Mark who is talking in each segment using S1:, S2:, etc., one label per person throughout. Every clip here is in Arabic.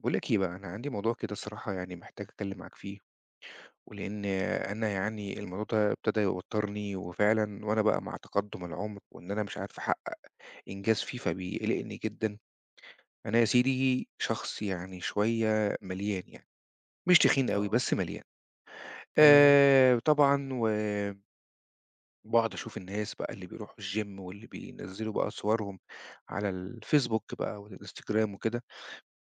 S1: باقول لك بقى، أنا عندي موضوع كده صراحة يعني، محتاج أتكلَّم معاك فيه، ولإن أنا يعني الموضوع ده ابتدى يوتِّرني، وفعلًا وأنا بقى مع تقدُّم العُمر وإن أنا مش عارف أحقِّق إنجاز فيه، فبيقلِّقني جدًا. أنا يا سيدي شخص يعني شوية مليان يعني، مش تخين أوي،
S2: آه.
S1: بس مليان،
S2: تمام.
S1: آآ طبعًا و باقعد أشوف الناس بقى اللي بيرُوحوا الgym، واللي بينزِّلوا بقى صورهم على الFacebook بقى والInstagram وكده،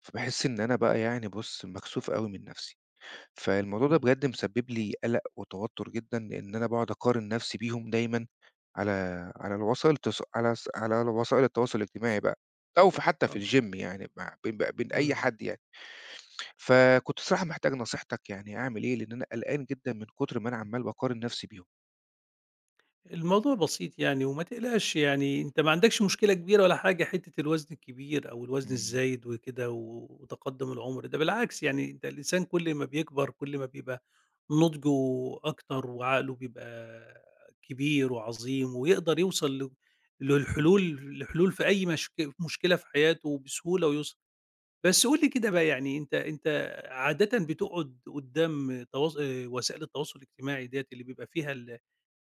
S1: فباحس إن أنا بقى يعني، بُص، مكسوف أوي من نفسي. فالموضوع ده
S2: امم.
S1: بجد مسبّب لي قلَق وتوتُّر جدًا، لإن أنا باقعد أقارن نفسي بيهم دايمًا، على على الوسائل الت على س على وسائل التواصل الاجتماعي بقى، أو في حتى في
S2: آه.
S1: الgym، يعني، ما بين بقى بين أي
S2: امم.
S1: حد يعني. فكنت الصراحة محتاج نصيحتَك يعني، أعمل إيه؟ لأن أنا قلقان جدًا من كُتر ما أنا عمَّال باقارن نفسي بيهم.
S2: الموضوع بسيط يعني وما تقلقش يعني أنتَ ما عندكش مشكلة كبيرة ولا حاجة، حتَّة الوزن الكبير أو الوزن
S1: امم.
S2: الزايد وكده، و وتقدُّم العُمر، ده بالعكس يعني، ده الإنسان كل ما بيكبر كل ما بيبقى نضجه أكتر وعقله بيبقى كبير وعظيم ويقدَر يوصل ل
S1: امم.
S2: للحلول لحلول في أي مشك مشكلة في حياته بسهولة ويُسر. بس قل لي كده بقى يعني، أنتَ أنتَ عادةً بتقعد قُدَّام تواصَل آآ، وسائل التواصل الاجتماعي ديَّة، اللي بيبقى فيها ال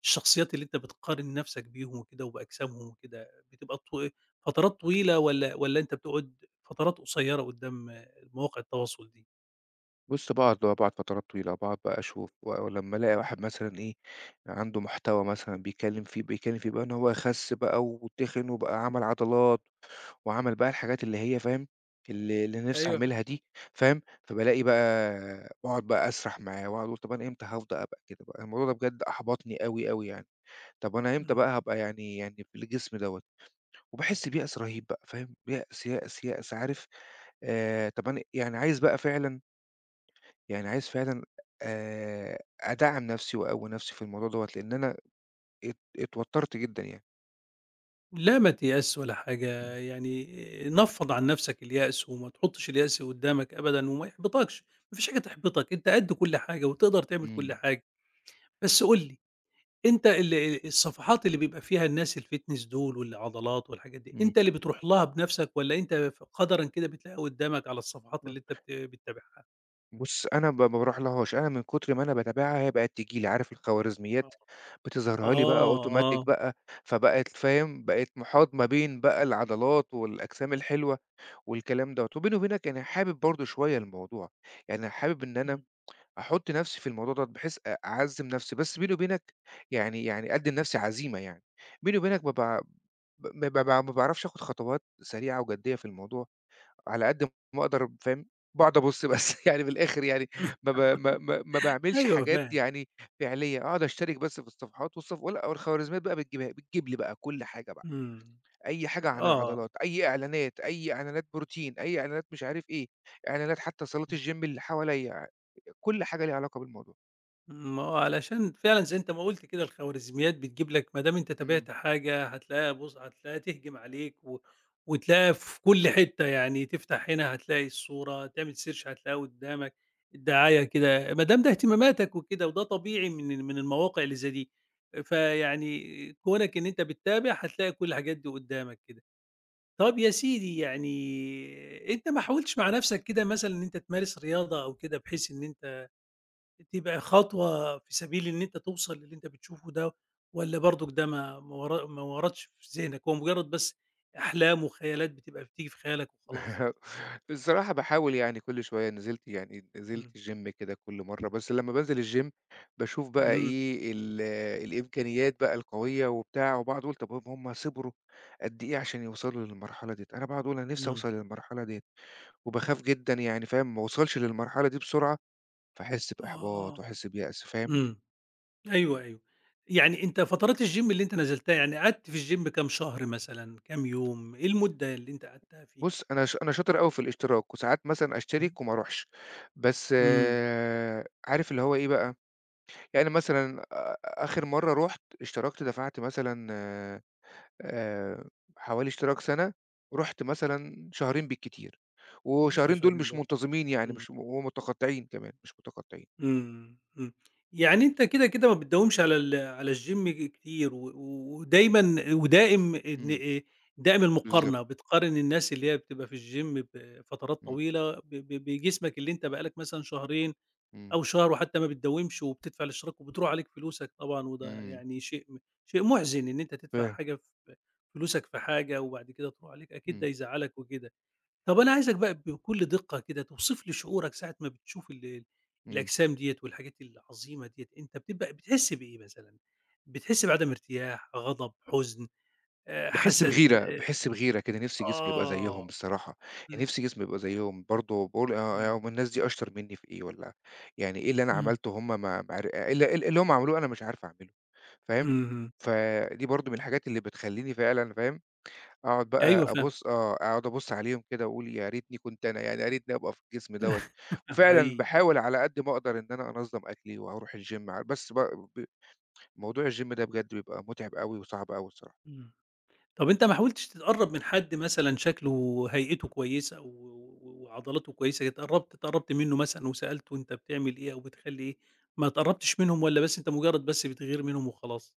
S2: الشخصيَّات اللي أنتَ بتقارن نفسَك بيهم وكده وبأجسامهم وكده، بتبقى طو فترات طويلة والّا والّا أنتَ بتقعد فترات قصيرة قُدَّام مواقع التواصل دي؟
S1: بُص، باقعد آه باقعد فترات طويلة، باقعد بقى أشوف و ولمّا ألاقي واحد مثلًا إيه، عنده محتوى مثلًا بيتكلم فيه بيتكلم فيه بقى إن هو خس بقى و وتخن وبقى عمل عضلات وعمل بقى
S2: إمم.
S1: الحاجات اللي هي فاهم، اللي اللي أنا نفسي
S2: أيوه فاهم.
S1: أعملها دي، فاهم، فبالاقي بقى وأقعد بقى أسرح معاه وأقعد أقول طب أنا إمتى هفض أبقى كده بقى؟ الموضوع ده بجد أحبطني أوي، أوي يعني. طب أنا إمتى
S2: إمم.
S1: بقى هابقى يعني يعني بالجسم دوّة؟ وباحس بيأس رهيب بقى، فاهم، بيأس، يأس، يأس، عارف آآ طب أنا يعني عايز بقى فعلًا يعني عايز فعلًا آآ، أدعّم نفسي وأقوي نفسي في الموضوع دوّة، لأن أنا ات اتوترت جدًا يعني.
S2: لا ما تيأسش ولا حاجة،
S1: إمم.
S2: يعني نفّض عن نفسك اليأس وما تحطش اليأس قُدامك أبدًا وما يحبطكش، ما فيش حاجة تحبطك، أنت قد كل حاجة وتقدر تعمل كُل
S1: إمم.
S2: حاجة. بس قُل لي، أنت ال الصفحات اللي بيبقى فيها الناس الfitness دول والعضلات والحاجات دي،
S1: إمم.
S2: أنت اللي بتروح لها بنفسك والّا أنت ف قدرًا كده بتلاقيها قُدامك على الصفحات اللي أنت بت
S1: [unintelligible]
S2: بتتابعها؟
S1: بُص، أنا ب ما باروحلهاش، أنا من كتر ما أنا باتابعها هي بقت تيجي لي، عارف
S2: آه.
S1: الخوارزميات بتظهِرها لي بقى
S2: آه،
S1: automatic
S2: آه.
S1: بقى، فبقت فاهم، بقيت محاط ما بين بقى العضلات والأجسام الحلوة والكلام دوّة. وبيني وبينك يعني حابب برضه شوية الموضوع، يعني حابب إن أنا
S2: إمم.
S1: أحط نفسي في الموضوع دوّة بحيث أ أعزّم نفسي، بس بيني وبينك يعني يعني أدي لنفسي عزيمة يعني، بيني وبينك بابقى ع ب ما ب ما باعرفش آخد خطوات سريعة وجدية في الموضوع على قد ما أقدر، فاهم، باقعد أبُص بس، يعني من الآخر يعني ما ب ما ما ما باعملش
S2: أيوه،
S1: حاجات
S2: فاهم.
S1: يعني فعلية، أقعد أشترك بس في الصفحات والصف و والخواريزميات بقى بتجيبها لي، بتجيب لي بقى كُل حاجة بقى،
S2: إمم،
S1: أي حاجة عن
S2: آه.
S1: العضلات، أي إعلانات، أي إعلانات بروتين، أي إعلانات مش عارف إيه، إعلانات حتى صالات
S2: امم.
S1: الgym اللي حواليَّ، آآ، كُل حاجة ليها علاقة بالموضوع.
S2: ما هو علشان فعلًا زي أنت ما قُلت كده الخوارزميات بتجيب لك، ما دام أنت
S1: إمم.
S2: تابعت حاجة هتلاقيها بُص، هتلاقيها تهجم عليك و وتلاقيها في كُل حتة يعني تفتح هنا هتلاقي الصورة، تعمل search هتلاقيها قُدامك، الدعاية كده، ما دام ده اهتماماتك وكده وده طبيعي من ال من المواقع اللي زي دي. آآ، فيعني كونك إن أنت بتتابع، هتلاقي كُل الحاجات دي قُدامك كده. طب يا سيدي يعني أنت ما حاولتِش مع نفسك كده مثلًا إن أنت تمارس رياضة أو كده بحيث إن أنت تبقى خطوة في سبيل إن أنت توصل للي أنت بتشوفه ده، والّا برضك ده ما ما ور ما وردش في ذهنك، هو مجرد بس أحلام وخيالات بتبقى بتيجي في خيالك وخلاص؟
S1: الصراحة باحاول يعني كُل شوية نزلت يعني نزلت
S2: آمم.
S1: الgym كده كُل مرّة، بس لمّا بانزل الgym باشوف بقى
S2: اهم.
S1: إيه، ال الإمكانيات بقى القوية وبتاع وباقعد أقول طب ب هُم صِبروا قد إيه عشان يوصلوا للمرحلة دِيَّة؟ أنا باقعد أقول أنا نفسي
S2: إمم.
S1: أوصل للمرحلة دِيَّة، وباخاف جدًا يعني فاهم، ما أوصلش للمرحلة دي بسرعة، فأحس بإحباط
S2: آه،
S1: وأحس بيأس، فاهم؟
S2: إمم، أيوه أيوه. يعني أنت فترات الgym اللي أنت نزلتها، يعني قعدت في الgym كام شهر مثلًا، كام يوم، إيه المدة اللي أنت قعدتها فيه؟
S1: بُص، أنا ش أنا شاطر أوي في الاشتراك وساعات مثلًا
S2: امم.
S1: أشترك وما أروحش. بس
S2: إمم.
S1: عارف اللي هو إيه بقى، يعني مثلًا آآ آخر مرّة رُحت، اشتركت دفعت مثلًا آآ حوالي اشتراك سنة، ورُحت مثلًا شهرين بالكتير،
S2: ياه!
S1: وشهرين دول
S2: شهرين
S1: مش
S2: ب
S1: منتظمين يعني
S2: إمم.
S1: مش ومتقطعين كمان، مش متقطعين.
S2: إمم، إمم. يعني أنت كده، كده ما بتداومش على ال على الgym ج كتير و ودايمًا ودائم إن
S1: إمم.
S2: آآ دائم
S1: بالضبط.
S2: المقارنة، بتقارن الناس اللي هي بتبقى في الgym بفترات
S1: إمم.
S2: طويلة ب ب بجسمك اللي أنت بقى لك مثلًا شهرين
S1: إمم.
S2: أو شهر وحتى ما بتداومش وبتدفع الاشتراك وبتروح عليك فلوسك طبعًا وده
S1: إمم.
S2: يعني شيء م شيء مُحزِن إن أنت تدفع
S1: فاهم.
S2: حاجة ف فلوسك في حاجة وبعد كده تروح عليك، أكيد ده
S1: إمم.
S2: يزعلك وكده. طب أنا عايزك بقى بكل دقة كده، توصف لي شعورك ساعة ما بتشوف ال
S1: إمم.
S2: الأجسام دِيَّة والحاجات العظيمة دِيَّة، أنت بتبقى بتحِس بإيه مثلًا؟ بتحِس بعدم ارتياح، غضب، حزن، آآ
S1: باحِس
S2: حسد
S1: بغيرة،
S2: آآ
S1: باحِس بغيرة كده، نفسي جسمي يبقى زيهم
S2: آه،
S1: بصراحة، يعني
S2: آمم.
S1: نفسي جسمي يبقى زيهم برضه، باقول آه، آه،
S2: آمم.
S1: هُم الناس دي أشطر منّي في إيه والّا يعني إيه اللي أنا
S2: إمم.
S1: عملته وهُم ما ما عر إيه ال إيه اللي هُم عملوه أنا مش عارف أعمله؟ فاهم؟
S2: اهم.
S1: فدي برضه من الحاجات اللي بتخلّيني فعلًا فاهم، أقعد بقى
S2: أيوه فاهمك.
S1: أبُص آه، أقعد أبُص عليهم كده وأقول يا ريتني كنت أنا، يعني يارتني أبقى في الجسم دوّة، وفعلًا
S2: حقيقي.
S1: باحاول على قد ما أقدر إن أنا أنظم أكلي وأروح الgym ع بس ب ب موضوع الgym ده بجد بيبقى مُتعِب أوي وصعب أوي الصراحة.
S2: إمم، طب أنت ما حاولتش تتقرب من حد مثلًا شكله وهيئته كويسة و و و وعضلاته كويسة اتقربت اتقربت منه مثلًا وسألته أنت بتعمل إيه أو بتخلّي إيه، ما اتقربتش منهم والّا بس أنت مجرد بس بتغير منهم وخلاص؟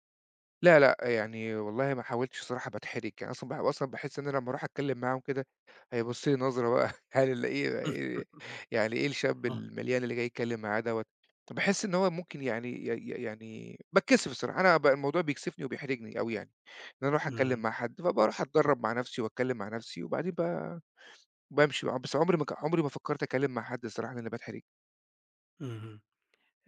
S1: لأ، لأ، يعني والله ما حاولتش الصراحة باتحرِج يعني أصلًا باح أصلًا باحس إن لمّا ارُوح أتكلّم معاهم كده، هيبُصّ لي نظرة بقى، هل ال إيه وار يعني إيه الشاب
S2: آه.
S1: المليان اللي جاي يتكلّم معايا دَوَّة، فباحس إن هو ممكن يعني ي ي يعني باتكسف الصراحة، أنا بقى الموضوع بيكسِفني وبيحرِجني أوي يعني، إن أنا أرُوح أتكلّم
S2: إمم.
S1: مع حد، فبارُوح أتدرّب مع نفسي وأتكلّم مع نفسي، وبعدين ب بامشي بقى، بس عُمري ما ك عُمري ما فكرت اتكلّم مع حد الصراحة لإني باتحرِج.
S2: اهم،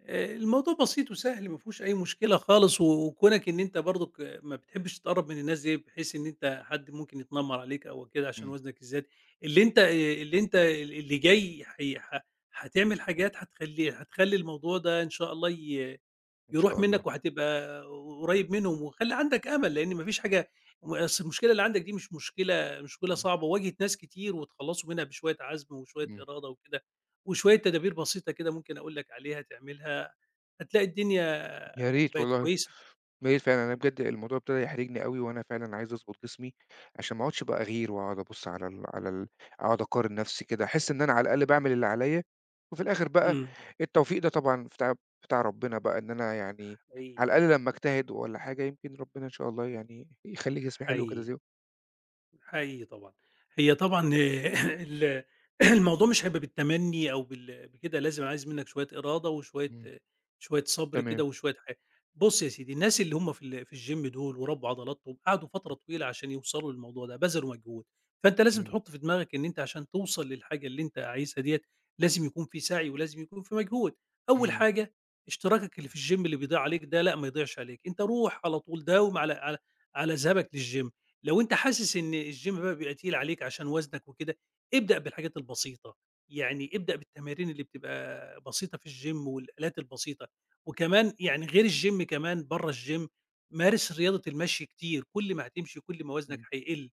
S2: آآ، الموضوع بسيط وسهل، ما فيهوش أي مشكلة خالص، و وكونَك إن أنت برضك آآ، ما بتحبش تتقرّب من الناس دي، بحيث إن أنت حد ممكن يتنمّر عليك أو كده، عشان
S1: إمم.
S2: وزنك الزيادة، اللي أنت آآ، اللي أنت آآ، ال اللي جاي حي ح حاتعمل حاجات حتخلّي، حتخلّي الموضوع ده إن شاء الله ي
S1: إن
S2: يرُوح
S1: شاء الله.
S2: منّك وهتبقى قُرّيب منهم، وخلّي عندك أمل، لإن ما فيش حاجة ما أصل المشكلة اللي عندك دي مش مشكلة، مشكلة
S1: إمم.
S2: صعبة وواجهِت ناس كتير واتخلّصوا منها بشوية عَزم وشوية
S1: إمم.
S2: إرادة وكده، وشوية تدابير بسيطة كده ممكن أقول لك عليها تعملها، هتلاقي الدنيا
S1: يا ريت
S2: بقِت
S1: والله، يا
S2: كويسة.
S1: ريت فعلًا لإن بجد الموضوع ابتدى يحرِجني أوي، وأنا فعلًا عايز أضبُط جسمي، عشان ما أقعُدش بقى أغِير واقعُد أبُصّ على ال على ال أقعُد أقارن نفسي كده، أحس إن أنا على الأقل باعمل اللي عليَّ، وفي الآخر بقى
S2: إمم.
S1: التوفيق ده طبعًا بتاع بتاع ربنا بقى إن أنا يعني
S2: حقيقي.
S1: على الأقل لمّا أجتهد والَّا حاجة يمكن ربنا إن شاء الله يعني يخلّي جسمي حلو كده
S2: حقيقي،
S1: زيهم.
S2: حقيقي طبعًا، هي طبعًا آآ، ال الموضوع مش هيبقى بالتمنّي أو بال بكده لازم عايز منّك شوية إرادة وشوية،
S1: إمم.
S2: شوية صَبْر كده
S1: تمام.
S2: وشوية حا بُصّ يا سيدي، الناس اللي هم في ال في الgym دُول وربّوا عضلاتهم، قعدوا فترة طويلة عشان يوصلوا للموضوع ده، بذلوا مجهود فأنت لازم
S1: إمم.
S2: تحُطّ في دماغك إن أنت عشان توصل للحاجة اللي أنت عايزها دِيَّة، لازم يكون في سَعي ولازم يكون في مجهود، أول
S1: إمم.
S2: حاجة إشتراكك اللي في الgym اللي بيضيع عليك ده، لأ، ما يضيعش عليك أنت رُوح على طول داوم على على على ذهابك للgym لو أنت حاسس إن الgym بقى بيبقى تقيل عليك عشان وَزنك وكده، ابدأ بالحاجات البسيطة، يعني ابدأ بالتمارين اللي بتبقى بسيطة في الgym والآلات البسيطة، وكمان يعني غير الgym كمان برّه، الgym مارِس رياضة المشي كتير، كل ما هتمشي كل ما وَزنك
S1: إمم.
S2: هيقِلّ،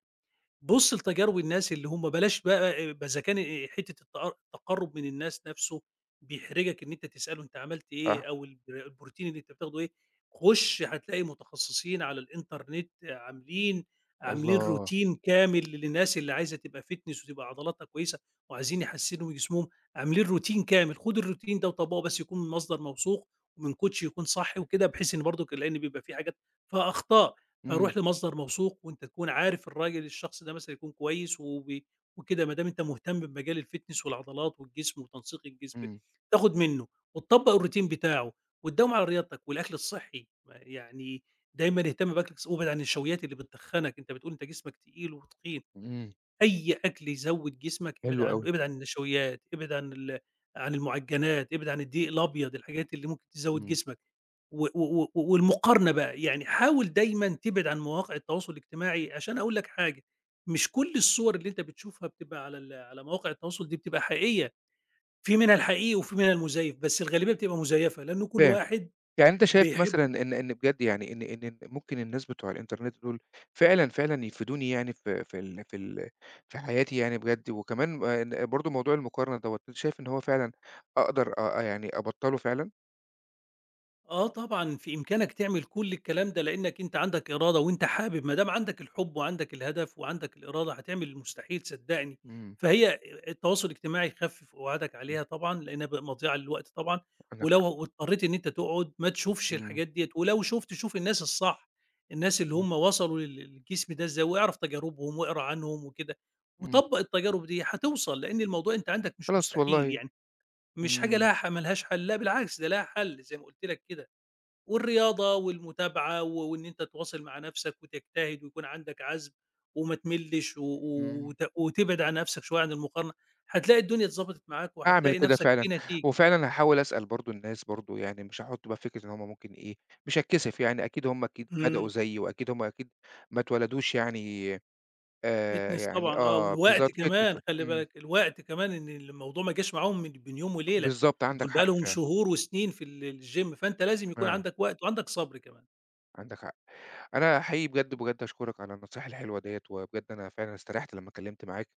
S2: بُصّ لتجارب الناس اللي هم بلاش بقى أ بإذا كان آآ، حتة التقر التقرُّب من الناس نفسه بيحرِجك، إن أنت تسألُه أنت عملت إيه
S1: آه.
S2: أو البر البروتين اللي أنت بتاخدُه إيه، خُشّ هتلاقي متخصّصين على الإنترنت عاملين، عاملين
S1: الله.
S2: routine كامل للناس اللي عايزة تبقى fitness وتبقى عضلاتها كويسة، وعايزين يحسّنوا من جسمهم عاملين routine كامل خُد الroutine ده وطبّقه بس يكون المصدر موثوق، ومن coach يكون صح وكده بحيث إن برضك، لإن بيبقى في حاجات فيها أخطاء،
S1: إمم.
S2: فرُوح لمصدر موثوق وأنت تكون عارف الراجل الشخص ده مثلًا يكون كويس وبي وكده بادام أنت مهتم بمجال الfitness والعضلات والجسم وتنسيق الجسم،
S1: إمم.
S2: تاخد منُّه وتطبّق الroutine بتاعُه وتداوم على رياضتك والأكل الصحّي، م يعني دايمًا اهتم بأكلك ص وابعد عن النشويّات اللي بتتخنّك، أنت بتقول أنت جسمك تقيل وتخين،
S1: إمم.
S2: أي أكل يزوّد جسمك ابعد
S1: حلو
S2: عنّه،
S1: أوي.
S2: ابعد عن النشويّات، ابعد عن ال عن المعجنّات، ابعد عن الدقيق الأبيض، الحاجات اللي ممكن تزوّد
S1: إمم.
S2: جسمك، و و و والمقارنة بقى، يعني حاول دايمًا تبعد عن مواقع التواصل الاجتماعي عشان هاقول لك حاجة، مش كل الصور اللي أنت بتشوفها بتبقى على ال على مواقع التواصل دي بتبقى حقيقية، في منها الحقيقي وفي منها المُزيّف، بس الغالبيّة بتبقى مُزيّفة لإن كل
S1: فاهم،
S2: واحد
S1: يعني أنت شايف
S2: بيحب
S1: مثلًا إن إن بجد يعني إن إن م ممكن الناس بتوع الإنترنت دُول، فعلًا، فعلًا يفيدوني يعني ف في ال في ال في حياتي يعني بجد؟ وكمان ما ن برضه موضوع المقارنة دَوَّة أنت شايف إن هو فعلًا أقدر أ يعني أبطّله فعلًا؟
S2: آه، طبعًا في إمكانك تعمل كل الكلام ده، لأنّك أنت عَندك إرادة وأنت حابب، ما دام عَندك الحب وعَندك الهدف وعَندك الإرادة هتعمل المستحيل صدّقني.
S1: إمم.
S2: فهي ا التواصل الاجتماعي خَفِف قُعادك
S1: إمم.
S2: عليها طبعًا لأنّها بق مضيَعة للوقت طبعًا،
S1: عندك
S2: ولو
S1: حق.
S2: و واضطرّيت إن أنت تقعُد ما تشوفش
S1: إمم.
S2: الحاجات دِيَّة ولو شُفت شوف الناس الصح، الناس اللي
S1: اهم.
S2: همَّ وصلوا لل لل للجسم ده إزاي، واعرف تجاربهم وأقرأ عنهم وكده،
S1: إمم.
S2: وطبَّق التجارب دي هتوصَل لأن الموضوع أنت عَندك مش
S1: خلاص،
S2: مستحيل،
S1: والله
S2: يعني مش حاجة
S1: إمم.
S2: لها حَ ما لهاش حَل لأ بالعكس ده لها حَل زي ما قُلت لك كده. والرياضة والمتابعة و وإن أنت تواصِل مع نَفسك وتجتهد ويكون عَندك عَزم وما تملِّش و و
S1: إمم.
S2: وت وتبعِد عن نَفسك شوية عن المقارنة هتلاقي الدنيا اتضبَطِت معاك
S1: هاعمل
S2: وهتلاقي
S1: كده
S2: نَفسك
S1: فعلًا،
S2: في نتيجة.
S1: وفعلًا هاحاول أسأل برضه الناس برضه، يعني مش هاحط بقى فكرة إن هُم ممكن إيه، مش هاتكسِف، يعني أكيد هُم أكيد بدأوا
S2: إمم.
S1: زيي وأكيد همَّ أكيد ما اتولدوش يعني آآ
S2: fitness
S1: يعني
S2: طبعًا آه،
S1: آه،
S2: والوقت
S1: بالضبط fitness
S2: كمان
S1: و
S2: خلّي
S1: إمم.
S2: بالك، الوقت كمان إن الموضوع ما جاش معاهم من بين يوم وليلة
S1: بالضبط عندك
S2: دول
S1: حق
S2: بقي لهم
S1: فعلًا.
S2: شهور وسنين في ال الgym، فأنت لازم يكون
S1: آه.
S2: عَندك وقت وعَندك صَبر كمان.
S1: عندك حق. أنا حقيقي بجد، بجد أشكُرَك على النصايح الحلوة دِيَّة، وبجد أنا فعلًا استريَّحت لمّا اتكلمت معاك.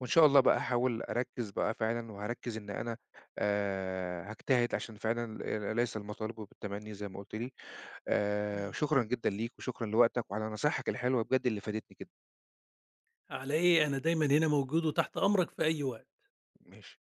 S1: وإن شاء الله بقى أحاول أركِّز بقى فعلًا وهاركِّز إن أنا، آآ هاجتهِد عشان فعلًا، آآ ل ليس المطالب بالتمنّي زي ما قُلت لي، آآ
S2: اهم.
S1: شكرًا جدًا ليك وشكرًا لوقتك وعلى نصايحك الحلوة بجد اللي فادتني جدًا.
S2: على إيه؟ أنا دايمًا هنا موجود وتحت أمرك في أي وقت.
S1: ماشي.